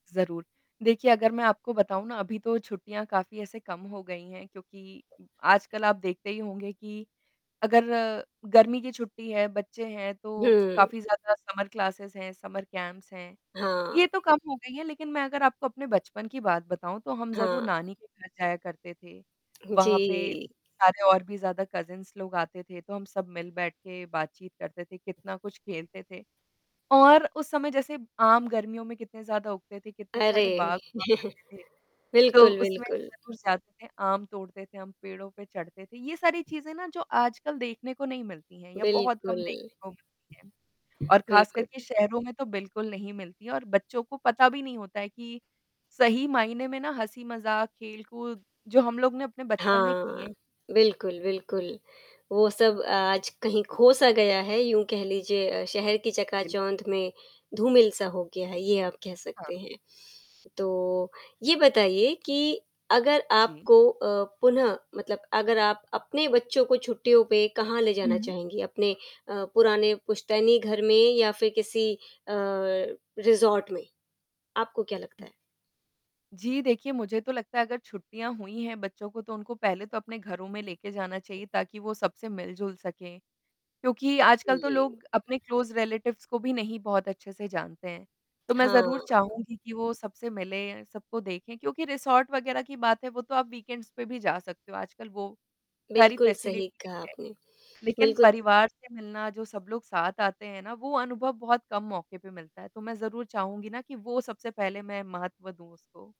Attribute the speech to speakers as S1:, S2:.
S1: ज़रूर। देखिए अगर मैं आपको बताऊँ ना अभी तो छुट्टियाँ काफ़ी ऐसे कम हो गई हैं क्योंकि आजकल आप देखते ही होंगे कि अगर गर्मी की छुट्टी है, बच्चे हैं तो
S2: हुँ।
S1: काफ़ी ज़्यादा समर क्लासेस हैं, समर कैंप्स हैं।
S2: हाँ।
S1: ये तो कम हो गई है लेक़िन मैं अगर आपको अपने बचपन की बात बताऊँ तो हम ज़रूर
S2: हाँ।
S1: नानी के घर जाया करते थे।
S2: हुँ,
S1: वहाँ पे
S2: जी।
S1: सारे और भी ज़्यादा कज़िन्स लोग आते थे तो हम सब मिल बैठ के बातचीत करते थे कितना कुछ खेलते थे। और उस समय जैसे आम गर्मियों में कितने ज़्यादा उगते थे कितने सारे
S2: अरे!
S1: बाग हुआ करते थे, तो
S2: बिल्कुल,
S1: उसमें
S2: बिल्कुल।
S1: जाते थे आम तोड़ते थे, हम पेड़ों पे चढ़ते थे। ये सारी चीज़ें ना जो आजकल देखने को नहीं मिलती हैं या बहुत कम
S2: बिल्कुल।
S1: देखने को मिलती हैं। और ख़ासकर के
S2: बिल्कुल।
S1: शहरों में तो बिल्कुल नहीं मिलती और बच्चों को पता भी नहीं होता है कि सही मायने में ना हँसी-मज़ाक, खेल-कूद जो हम लोग ने अपने बचपन में किए
S2: हाँ।
S1: हैं।
S2: बिल्कुल, बिल्कुल। वो सब अ, आज कहीं
S1: जी।
S2: ख़ो-सा गया है, यूँ कह लीजिए अ, शहर की
S1: बिल्कुल।
S2: चकाचौंध में धूमिल-सा हो गया है, ये आप कह
S1: हाँ।
S2: सकते हैं। तो ये बताइए कि अगर
S1: जी।
S2: आपको अ, पुनः मतलब अगर आप अपने बच्चों को छुट्टियों पे कहाँ ले जाना
S1: हुँ।
S2: चाहेंगी अपने अ, पुराने पुश्तैनी घर में या फ़िर किसी अ, रिसॉर्ट में? आपको क्या लगता है?
S1: जी देखिए, मुझे तो लगता है अगर छुट्टियाँ हुई हैं बच्चों को तो उनको पहले तो अपने घरों में लेके जाना चाहिए ताकि वो सबसे मिल-जुल सकें क्योंकि आजकल तो
S2: जी।
S1: लोग अपने क्लोज़ रिलेटिव्स को भी नहीं बहुत अच्छे से जानते हैं। तो मैं ज़रूर
S2: हाँ।
S1: चाहूँगी कि वो सबसे पहले सबको देखें क्योंकि रिसॉर्ट वग़ैरह की बात है वो तो आप वीकेंड्स पे भी जा सकते हो आजकल वो सारी
S2: बिल्कुल सही
S1: फ़ेसिलिटीज़ भी
S2: कहा
S1: हैं।
S2: आपने।
S1: लेक़िन
S2: बिल्कुल।
S1: परिवार से मिलना जो सब लोग साथ आते हैं ना वो अनुभव बहुत कम मौके पे मिलता है। तो मैं ज़रूर चाहूँगी ना कि वो सबसे पहले मैं महत्व दूँ उसको।